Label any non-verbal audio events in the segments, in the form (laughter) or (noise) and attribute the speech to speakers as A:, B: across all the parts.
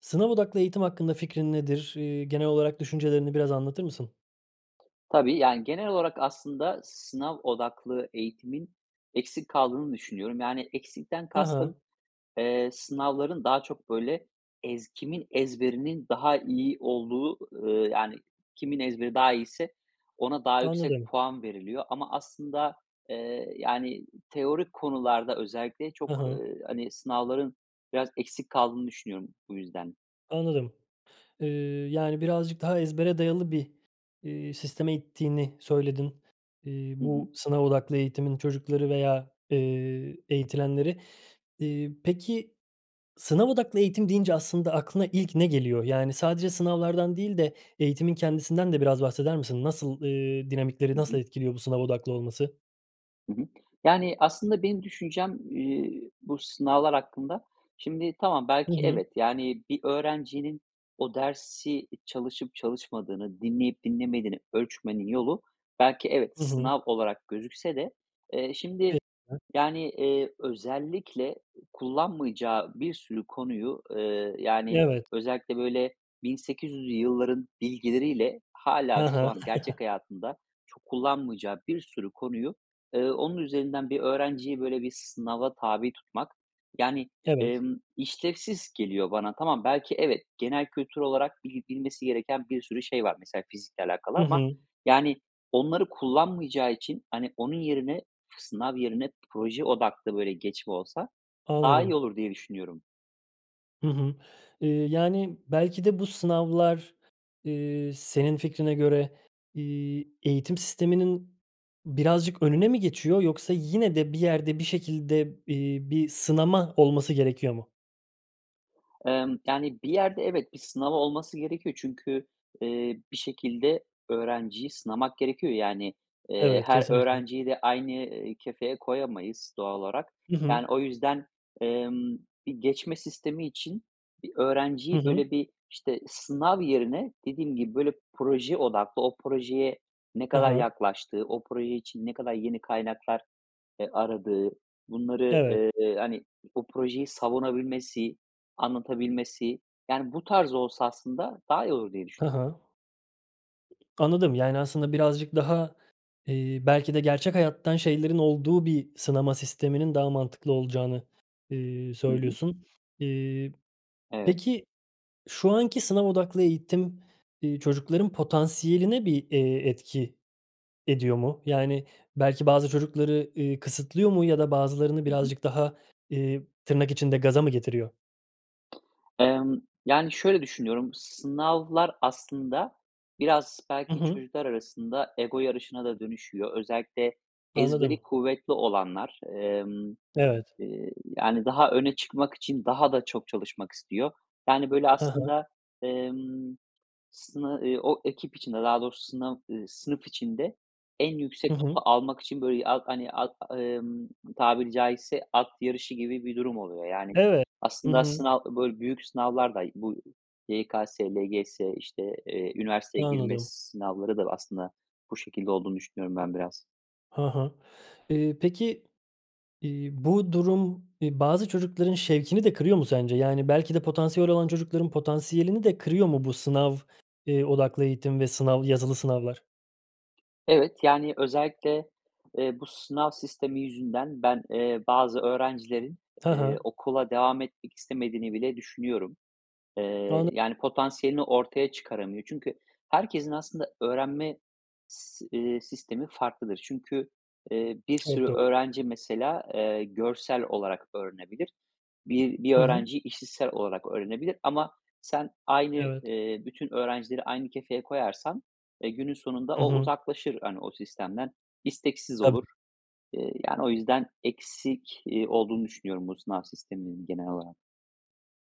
A: Sınav odaklı eğitim hakkında fikrin nedir? Eee, genel olarak düşüncelerini biraz anlatır mısın?
B: Tabii, yani, genel olarak aslında sınav odaklı eğitimin, eksik kaldığını düşünüyorum. Yani, eksikten
A: Ha ha.
B: kastım: Eee, sınavların daha çok, böyle, ez kimin ezberinin daha iyi olduğu, eee, yani, kimin ezberi daha iyiyse ona daha yüksek
A: Anladım.
B: puan veriliyor ama aslında, eee, yani, teorik konularda özellikle çok,
A: Hı hı.
B: eee, hani, sınavların biraz eksik kaldığını düşünüyorum, bu yüzden.
A: Anladım. Eee, yani, birazcık daha ezbere dayalı bir, eee, sisteme ittiğini söyledin, eee,
B: Hı hı.
A: bu sınav odaklı eğitimin çocukları veya, eee, eğitilenleri. Eee, peki, sınav odaklı eğitim deyince aslında aklına ilk ne geliyor? Yani, sadece sınavlardan değil de eğitimin kendisinden de biraz bahseder misin? Nasıl, eee, dinamikleri
B: Hı
A: nasıl
B: hı.
A: etkiliyor bu sınav odaklı olması?
B: Hı hı. Yani, aslında benim düşüncem, eee, bu sınavlar hakkında Şimdi tamam,
A: Hı
B: belki
A: hı.
B: evet, yani, bir öğrencinin o dersi çalışıp çalışmadığını, dinleyip dinlemediğini ölçmenin yolu, belki evet,
A: I hı.
B: sınav olarak gözükse de, eee, şimdi,
A: (unintelligible)
B: yani, eee, özellikle kullanmayacağı bir sürü konuyu, eee, yani,
A: Evet.
B: özellikle böyle 1800'lü yılların bilgileriyle
A: Hı
B: hâlâ şu
A: hı.
B: an gerçek
A: (chuckles)
B: hayatında çok kullanmayacağı bir sürü konuyu, eee, onun üzerinden bir öğrenciyi böyle bir sınava tabi tutmak, yani,
A: Evet.
B: emm, işlevsiz geliyor bana. Tamam belki evet, genel kültür olarak bil bilmesi gereken bir sürü şey var mesela fizikle alakalı
A: Hı
B: ama,
A: hı.
B: yani, onları kullanmayacağı için, hani, onun yerine, sınav yerine proje odaklı, böyle, geçme olsa daha iyi
A: Anladım.
B: olur diye düşünüyorum.
A: Hı hı. Iıı, yani belki de bu sınavlar, ııı, senin fikrine göre, iii, eğitim sisteminin, birazcık önüne mi geçiyor, yoksa yine de bir yerde, bir şekilde, ııı, bir sınama olması gerekiyor mu?
B: Emm, yani, bir yerde evet, bir sınav olması gerekiyor. Çünkü, eee, bir şekilde öğrenciyi sınamak gerekiyor. Yani, eee,
A: Evet,
B: her
A: kesinlikle.
B: öğrenciyi de aynı, eee, kefeye koyamayız doğal olarak.
A: Hı hı.
B: Yani o yüzden, emm, bir geçme sistemi için bir
A: Hı
B: öğrenciyi
A: hı.
B: böyle bir, işte, sınav yerine, dediğim gibi, böyle proje odaklı o projeye ne
A: Ha
B: kadar
A: ha.
B: yaklaştığı, o proje için ne kadar yeni kaynaklar, eee, aradığı, bunları,
A: Evet.
B: eee, hani, o projeyi savunabilmesi, anlatabilmesi, yani, bu tarz olsa aslında daha iyi olur diye düşünüyorum.
A: Ha ha. Anladım yani, aslında birazcık daha, eee, belki de gerçek hayattan şeylerin olduğu bir sınama sisteminin daha mantıklı olacağını, ııı,
B: Hı hı.
A: söylüyorsun, ııı.
B: Evet.
A: Peki, şu anki sınav odaklı eğitim, ııı, çocukların potansiyeline bir, eee, etki ediyor mu? Yani, belki bazı çocukları, iii, kısıtlıyor mu ya da bazılarını
B: Hı hı.
A: birazcık daha, ııı, tırnak içinde "gaza" mı getiriyor?
B: Emm, yani, şöyle düşünüyorum. Sınavlar aslında, biraz
A: Hı
B: belki
A: hı.
B: çocuklar arasında ego yarışına da dönüşüyor. Özellikle ezberi
A: Anladım.
B: kuvvetli olanlar, emm,
A: Evet.
B: eee, yani, daha öne çıkmak için daha da çok çalışmak istiyor. Yani, böyle
A: Hı hı.
B: aslında, emm, sını, ııı, o ekip içinde daha doğrusu, sınav ııı, sınıf içinde en yüksek
A: Hı hı.
B: notu almak için böyle at hani, at emm, tabiri caizse at yarışı gibi bir durum oluyor. Yani,
A: Evet. Hı
B: aslında
A: hı.
B: sınav, böyle büyük sınavlar da bu, YKS, LGS, işte, eee, üniversiteye girme
A: Anladım.
B: sınavları da aslında bu şekilde olduğunu düşünüyorum ben biraz.
A: Ha ha. Iıı, peki, iii, bu durum, iii, bazı çocukların şevkini de kırıyor mu sence? Yani, belki de potansiyeli olan çocukların potansiyelini de kırıyor mu bu sınav, eee, odaklı eğitim ve sınav yazılı sınavlar?
B: Evet, yani, özellikle, eee, bu sınav sistemi yüzünden ben, eee, bazı öğrencilerin,
A: Ha
B: eee,
A: ha.
B: okula devam etmek istemediğini bile düşünüyorum. Eee,
A: Anla
B: yani, potansiyelini ortaya çıkaramıyor. Çünkü herkesin aslında öğrenme si ,iii, sistemi farklıdır. Çünkü, eee, bir
A: Çok
B: sürü
A: doğru.
B: öğrenci mesela, eee, görsel olarak öğrenebilir. Bir bir
A: Hı hı.
B: öğrenciyi işitsel olarak öğrenebilir, ama sen aynı,
A: Evet.
B: eee, bütün öğrencileri aynı kefeye koyarsan, eee, günün sonunda
A: Hı
B: o
A: hı.
B: uzaklaşır, hani, o sistemden, isteksiz olur.
A: Tabii.
B: Eee, yani, o yüzden eksik, eee, olduğunu düşünüyorum bu sınav sisteminin genel olarak.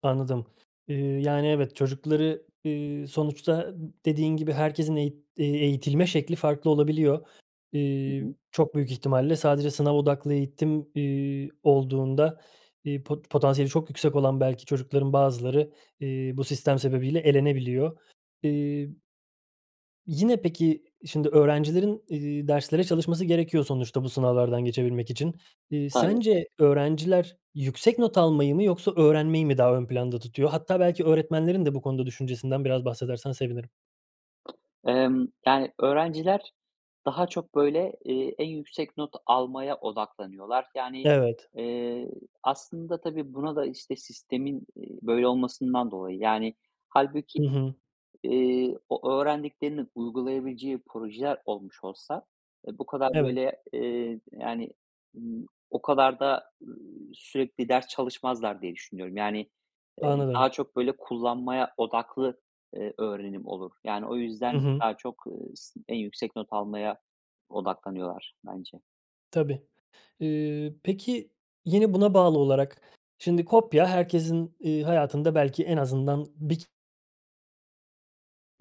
A: Anladım. Eee, yani, evet, çocukları, eee, sonuçta, dediğin gibi, herkesin eğit eğitilme şekli farklı olabiliyor.
B: Hı
A: Eee,
B: hı.
A: çok büyük ihtimalle, sadece sınav odaklı eğitim, eee, olduğunda, eee, pot potansiyeli çok yüksek olan belki çocukların bazıları, eee, bu sistem sebebiyle elenebiliyor. Eee yine peki, şimdi öğrencilerin, eee, derslere çalışması gerekiyor, sonuçta bu sınavlardan geçebilmek için. Eee,
B: Tabii.
A: sence, öğrenciler yüksek not almayı mı, yoksa öğrenmeyi mi daha ön planda tutuyor? Hatta belki öğretmenlerin de bu konuda düşüncesinden biraz bahsedersen sevinirim.
B: Emm, yani, öğrenciler ,daha çok böyle, eee, en yüksek not almaya odaklanıyorlar. Yani,
A: Evet.
B: eee, aslında tabii, buna da, işte, sistemin, eee, böyle olmasından dolayı. Yani hâlbuki,
A: Hı hı.
B: eee, o öğrendiklerini uygulayabileceği projeler olmuş olsa, eee, bu kadar
A: Evet.
B: böyle, eee, yani, ımm, o kadar da, ııı, sürekli ders çalışmazlar diye düşünüyorum. Yani, eee,
A: Anladım.
B: daha çok böyle kullanmaya odaklı, eee, öğrenim olur. Yani o
A: Hı
B: yüzden
A: hı.
B: daha çok s eee, en yüksek not almaya odaklanıyorlar bence.
A: Tabii. Eee, peki, yine buna bağlı olarak şimdi kopya herkesin, ııı, hayatında belki en azından 1 k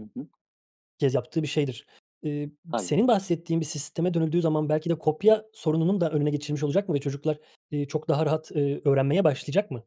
B: Hı hı.
A: kez yaptığı bir şeydir. Eee, ı
B: Tabii.
A: senin bahsettiğin bir sisteme dönüldüğü zaman, belki de kopya sorununun da önüne geçilmiş olacak mı ve çocuklar, iii, çok daha rahat, eee, öğrenmeye başlayacak mı?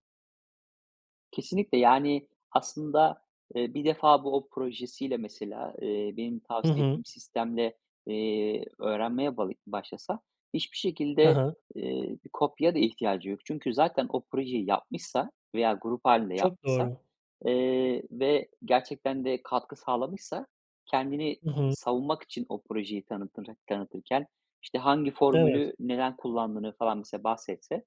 B: Kesinlikle! Yani, aslında, eee, 1 defa bu o projesiyle mesela, eee, benim
A: Hı
B: tavsiye
A: hı.
B: ettiğim sistemle, eee, öğrenmeye bağı başlasa hiçbir
A: Hı
B: şekilde,
A: hı.
B: eee, bir kopyaya da ihtiyacı yok. Çünkü zaten o projeyi yapmışsa veya grup hâlinde
A: Çok
B: yapmışsa,
A: doğru.
B: eee, ve gerçekten de katkı sağlamışsa kendini
A: I
B: ı
A: hı.
B: savunmak için o projeyi tanıtırık tanıtırken, işte, hangi
A: Evet
B: formülü, neden kullandığını falan mesela bahsetse,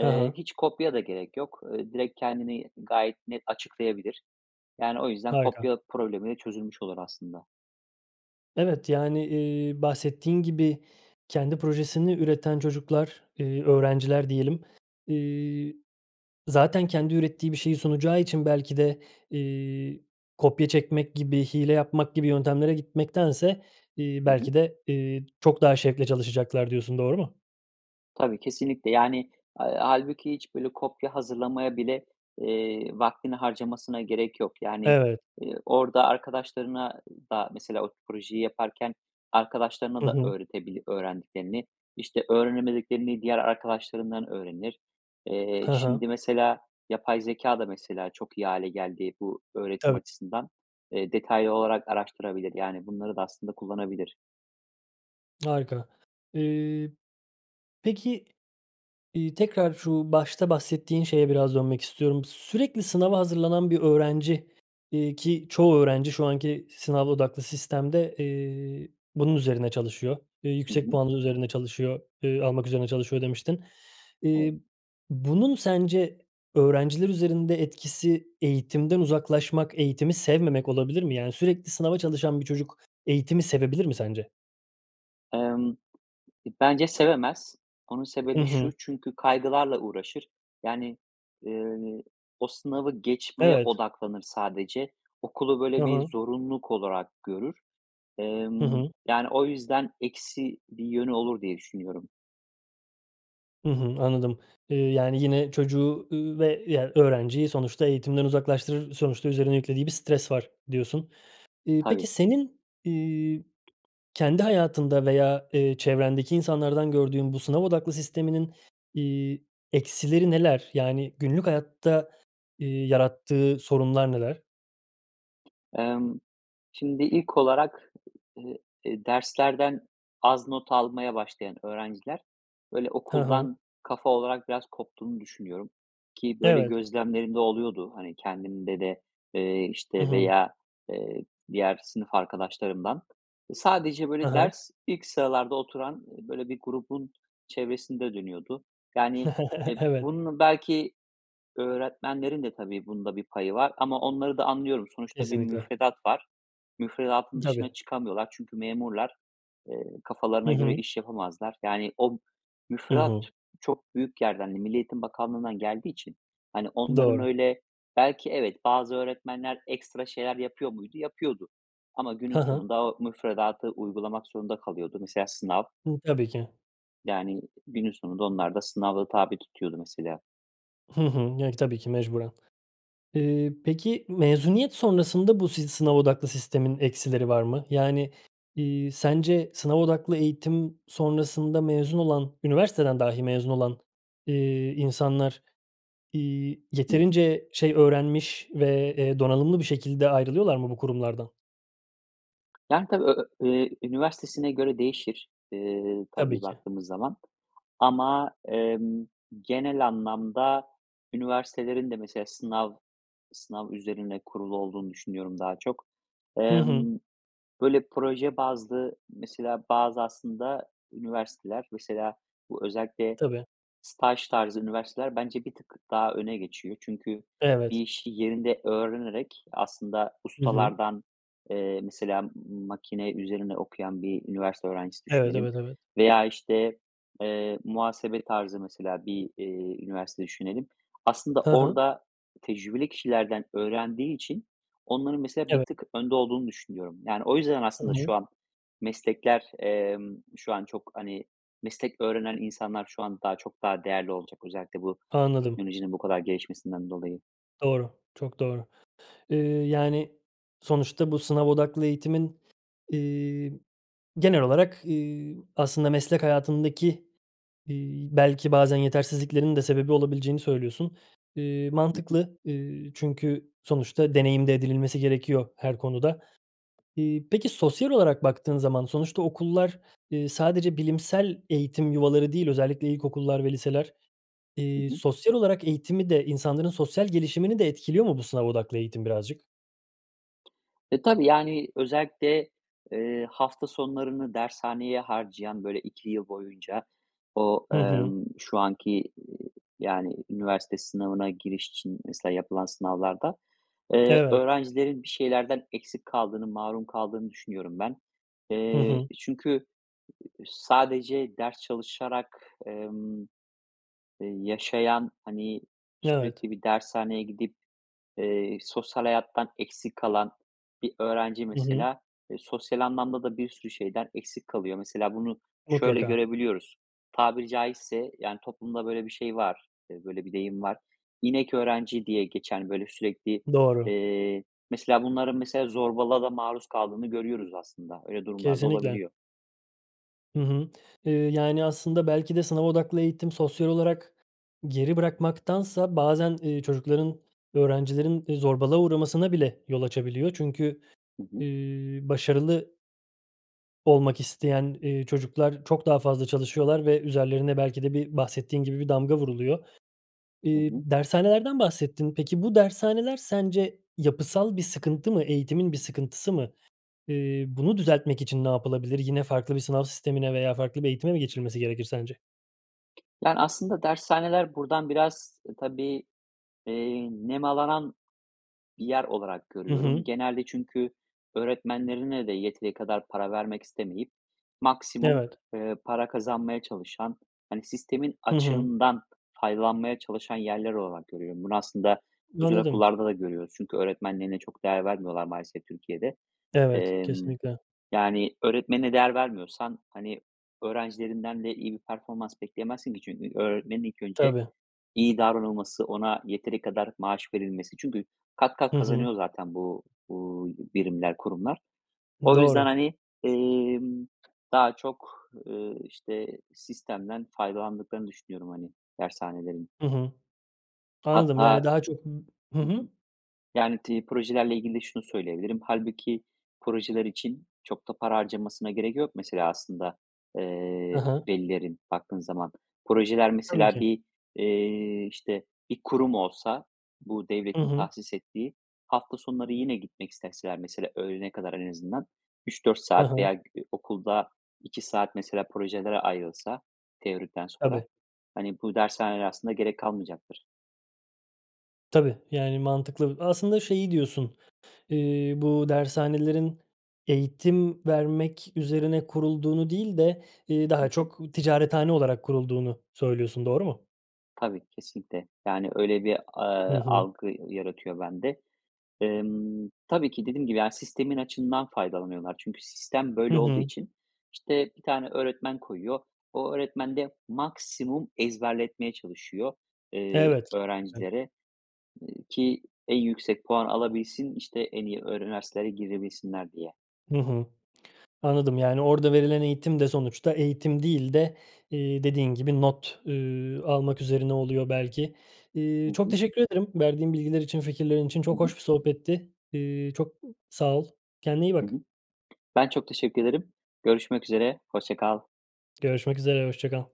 A: He he.
B: hiç kopyaya da gerek yok. Iıı, direkt kendini gayet net açıklayabilir. Yani, o yüzden
A: Harika.
B: kopya problemi de çözülmüş olur aslında.
A: Evet, yani, eee, bahsettiğin gibi kendi projesini üreten çocuklar, eee, öğrenciler diyelim. İii, zaten kendi ürettiği bir şeyi sunacağı için belki de, iii, kopya çekmek gibi, hile yapmak gibi yöntemlere gitmektense, iii,
B: Hı hı.
A: belki de, iii, çok daha şevkle çalışacaklar diyorsun, doğru mu?
B: Tabii, kesinlikle yani, eee, hâlbuki hiç böyle kopya hazırlamaya bile, eee, vaktini harcamasına gerek yok. Yani,
A: Evet.
B: eee, orada arkadaşlarına da mesela o projeyi yaparken arkadaşlarına
A: Hı
B: da
A: hı.
B: öğretebilir öğrendiklerini, işte, öğrenemediklerini diğer arkadaşlarından öğrenir. Eee,
A: Hı hı.
B: şimdi, mesela yapay zekâ da mesela çok iyi hâle geldi bu öğretim
A: Tabii.
B: açısından Eee, detaylı olarak araştırabilir. Yani bunları da aslında kullanabilir.
A: Harika. Iıı, peki, iii, tekrar şu başta bahsettiğin şeye biraz dönmek istiyorum. "Sürekli sınava hazırlanan bir öğrenci, iii, ki çoğu öğrenci şu anki sınav odaklı sistemde, eee, bunun üzerine çalışıyor, eee,
B: Hı
A: yüksek
B: hı.
A: puanlı üzerine çalışıyor, ııı, almak üzerine çalışıyor." demiştin.
B: Evet.
A: İii, bunun sence öğrenciler üzerinde etkisi eğitimden uzaklaşmak, eğitimi sevmemek olabilir mi? Yani, sürekli sınava çalışan bir çocuk eğitimi sevebilir mi sence?
B: Emm, bence sevemez. Onun
A: Hı
B: sebebi şu:
A: hı.
B: Çünkü kaygılarla uğraşır. Yani, eee, o sınavı geçmeye
A: Evet.
B: odaklanır sadece. Okulu
A: Hı
B: böyle
A: hı.
B: bir zorunluluk olarak görür.
A: Hı
B: Emm,
A: hı.
B: yani o yüzden eksi bir yönü olur diye düşünüyorum.
A: Hı hı, anladım. Eee, yani, yine çocuğu, ııı, ve, öğrenciyi sonuçta eğitimden uzaklaştırır, sonuçta üzerine yüklediği bir stres var, diyorsun. İii, peki
B: Hani
A: senin, iii, kendi hayatında veya, ııı, çevrendeki insanlardan gördüğün bu sınav odaklı sisteminin, iii, eksileri neler? Yani, günlük hayatta, iii, yarattığı sorunlar neler?
B: Emm, şimdi, ilk olarak, ııı, derslerden az not almaya başlayan öğrenciler, böyle,
A: Ha ha.
B: okuldan kafa olarak biraz koptuğunu düşünüyorum ki böyle
A: Evet.
B: gözlemlerim de oluyordu, hani, kendimde de, eee,
A: Hı
B: işte,
A: hı.
B: veya, eee, diğer sınıf arkadaşlarımdan. Sadece
A: Ha
B: böyle
A: ha.
B: ders, ilk sıralarda oturan böyle bir grubun çevresinde dönüyordu. Yani,
A: (chuckles)
B: eee,
A: Evet.
B: bunun belki öğretmenlerin de tabii bunda bir payı var ama onları da anlıyorum. Sonuçta bir
A: Kesinlikle.
B: müfredat var. Müfredatın
A: Tabii.
B: dışına çıkamıyorlar. Çünkü memurlar. Eee,
A: Hı
B: kafalarına göre
A: hı.
B: iş yapamazlar. Yani, o
A: Hı
B: müfredat
A: hı.
B: çok büyük yerden, hani, Milli Eğitim Bakanlığından geldiği için, hani, onların
A: Doğru.
B: öyle belki, evet, bazı öğretmenler ekstra şeyler yapıyor muydu? Yapıyordu ama
A: Hı
B: günün
A: hı.
B: sonunda o müfredatı uygulamak zorunda kalıyordu. Mesela, sınav
A: Tabii ki.
B: yani günün sonunda onlar da sınava tabi tutuyordu mesela.
A: Hı hı. Yani, tabii ki, mecburen. Eee, peki mezuniyet sonrasında bu sizi sınav odaklı sistemin eksileri var mı? Yani, iii, sence sınav odaklı eğitim sonrasında mezun olan, üniversiteden dahi mezun olan, eee, insanlar, iii,
B: Hı hı.
A: yeterince şey öğrenmiş ve, eee, donanımlı bir şekilde ayrılıyorlar mı bu kurumlardan?
B: Yani, tabii ö ö eee, üniversitesine göre değişir, eee,
A: Tabii
B: tabii
A: ki.
B: baktığımız zaman ama, emm, genel anlamda üniversitelerin de mesela sınav sınav üzerine kurulu olduğunu düşünüyorum daha çok.
A: Hı hı.
B: Emm, böyle proje bazlı, mesela bazı aslında üniversiteler mesela bu özellikle
A: Tabii.
B: staj tarzı üniversiteler bence bir tık daha öne geçiyor. Çünkü bir
A: Evet.
B: işi yerinde öğrenerek aslında
A: Hı hı.
B: ustalardan, eee, mesela makine üzerine okuyan bir üniversite öğrencisi
A: Evet,
B: düşünelim
A: evet, evet.
B: veya işte, eee, muhasebe tarzı mesela bir, eee, üniversite düşünelim. Aslında
A: Hı hı.
B: orda tecrübeli kişilerden öğrendiği için onların mesela bir
A: Evet.
B: tık önde olduğunu düşünüyorum. Yani, o yüzden
A: Hı
B: aslında şu
A: hı.
B: an meslekler, emm, şu an çok, hani, meslek öğrenen insanlar şu an daha çok daha değerli olacak özellikle bu
A: Anladım.
B: teknolojinin bu kadar gelişmesinden dolayı.
A: Doğru, çok doğru. Iıı, yani, sonuçta bu sınav odaklı eğitimin, eee, genel olarak, eee, aslında meslek hayatındaki, eee, belki bazen yetersizliklerin de sebebi olabileceğini söylüyorsun. Eee,
B: Hı hı.
A: mantıklı, eee, çünkü sonuçta deneyim de edinilmesi gerekiyor, her konuda. Eee, peki sosyal olarak baktığın zaman, sonuçta okullar, eee, sadece bilimsel eğitim yuvaları değil, özellikle ilkokullar, ve liseler,
B: Hı
A: eee,
B: hı.
A: sosyal olarak eğitimi de, insanların sosyal gelişimini de etkiliyor mu bu sınav odaklı eğitim birazcık?
B: E, tabii, yani, özellikle, eee, hafta sonlarını dershaneye harcayan, böyle 2 yıl boyunca o,
A: Hı hı.
B: emm, şu anki, eee, yani, üniversite sınavına giriş için mesela yapılan sınavlarda, eee,
A: Evet.
B: öğrencilerin bir şeylerden eksik kaldığını, mahrum kaldığını düşünüyorum ben.
A: Hı
B: Eee,
A: hı.
B: çünkü, sadece ders çalışarak, emm, yaşayan, hani,
A: Evet.
B: sürekli bir dershaneye gidip, eee, sosyal hayattan eksik kalan bir öğrenci
A: Hı hı.
B: mesela, eee, sosyal anlamda da bir sürü şeyden eksik kalıyor. Mesela bunu şöyle
A: Mutlaka.
B: görebiliyoruz. Tabiri caizse, yani, toplumda böyle bir şey var, e, böyle bir deyim var. İnek öğrenci diye geçen böyle sürekli,
A: Doğru.
B: eee, mesela bunların mesela zorbalığa da maruz kaldığını görüyoruz aslında. Öyle durumlar da
A: Kesinlikle.
B: olabiliyor
A: Hı hı. Eee, yani aslında belki de sınav odaklı eğitim sosyal olarak geri bırakmaktansa bazen, eee, çocukların, öğrencilerin zorbalığa uğramasına bile yol açabiliyor. Çünkü,
B: Hı hı.
A: eee, başarılı olmak isteyen, eee, çocuklar çok daha fazla çalışıyorlar ve üzerlerine belki de bir bahsettiğin gibi bir damga vuruluyor.
B: Hı
A: Eee,
B: hı.
A: dershanelerden bahsettin. Peki bu dershaneler, sence yapısal bir sıkıntı mı, eğitimin bir sıkıntısı mı? Eee, bunu düzeltmek için ne yapılabilir? Yine farklı bir sınav sistemine veya farklı bir eğitime mi geçilmesi gerekir sence?
B: Yani, aslında dershaneler buradan biraz tabii, eee, nemalanan bir yer olarak
A: Hı
B: görüyorum.
A: hı.
B: Genelde çünkü öğretmenlerine de yeteri kadar para vermek istemeyip maksimum,
A: Evet.
B: eee, para kazanmaya çalışan, hani, sistemin
A: Hı hı.
B: açığından faydalanmaya çalışan yerler olarak görüyorum. Bunu aslında özel
A: Anladım.
B: okullarda da görüyoruz. Çünkü öğretmenlerine çok değer vermiyorlar maalesef Türkiye'de.
A: Evet,
B: Emm,
A: kesinlikle.
B: yani, öğretmenine değer vermiyorsan, hani, öğrencilerinden de iyi bir performans bekleyemezsin ki. Çünkü öğretmenin ilk önce,
A: Tabii.
B: iyi davranılması, ona yeteri kadar maaş verilmesi. Çünkü kat kat
A: Hı hı.
B: kazanıyor zaten bu, uuu, birimler, kurumlar.
A: I
B: O yüzden,
A: doğru.
B: hani, emm, daha çok, ııı, işte, sistemden faydalandıklarını düşünüyorum, hani, dershanelerin.
A: Hı hı. Anladım yani
B: Hatta
A: daha çok ı hı
B: hı
A: hı.
B: hı. Yani tri projelerle ilgili de şunu söyleyebilirim. Halbuki projeler için çok da para harcanmasına gerek yok. Mesela aslında,
A: Ha
B: eee,
A: ha.
B: velilerin baktığın zaman. Projeler
A: Tabii
B: mesela
A: ki.
B: bir, eee, işte, bir kurum olsa bu
A: Hı
B: devletin
A: hı.
B: tahsis ettiği, hafta sonları yine gitmek isteseler mesela öğlene kadar en azından 3-4
A: Ha
B: saat veya,
A: ha.
B: gü okulda 2 saat mesela projelere ayrılsa teorikten sonra,
A: Tabii.
B: hani, bu dershanelere aslında gerek kalmayacaktır.
A: Tabii, yani mantıklı. Aslında şeyi diyorsun, iii, bu dershanelerin, eğitim vermek üzerine kurulduğunu değil de, iii,
B: Hı
A: daha
B: hı.
A: çok, ticarethane olarak kurulduğunu söylüyorsun, doğru mu?
B: Tabii, kesinlikle, yani öyle bir,
A: Hı
B: ııı,
A: hı.
B: algı ya yaratıyor bende. Emm, tabii ki dediğim gibi yani sistemin açığından faydalanıyorlar. Çünkü sistem,
A: Hı
B: böyle, olduğu
A: hı.
B: için, işte, 1 tane öğretmen koyuyor. O öğretmen de, maksimum ezberletmeye çalışıyor, eee,
A: Evet (unintelligible)
B: öğrencilere, eee, ki en yüksek puan alabilsin, işte, en iyi ö üniversitelere girebilsinler diye.
A: Hı hı, anladım, yani, orada verilen eğitim de sonuçta eğitim değil de, iii, dediğin gibi not, üüü, almak üzerine oluyor belki.
B: Hı
A: İii, çok
B: hı.
A: teşekkür ederim. Verdiğin bilgiler için, fikirlerin için
B: Hı
A: çok
B: hı.
A: hoş bir sohbetti. Iıı, çok sağ ol. Kendine iyi
B: Hı
A: bak.
B: hı. Ben çok teşekkür ederim. Görüşmek üzere. Hoşça kal.
A: Görüşmek üzere, hoşça kal.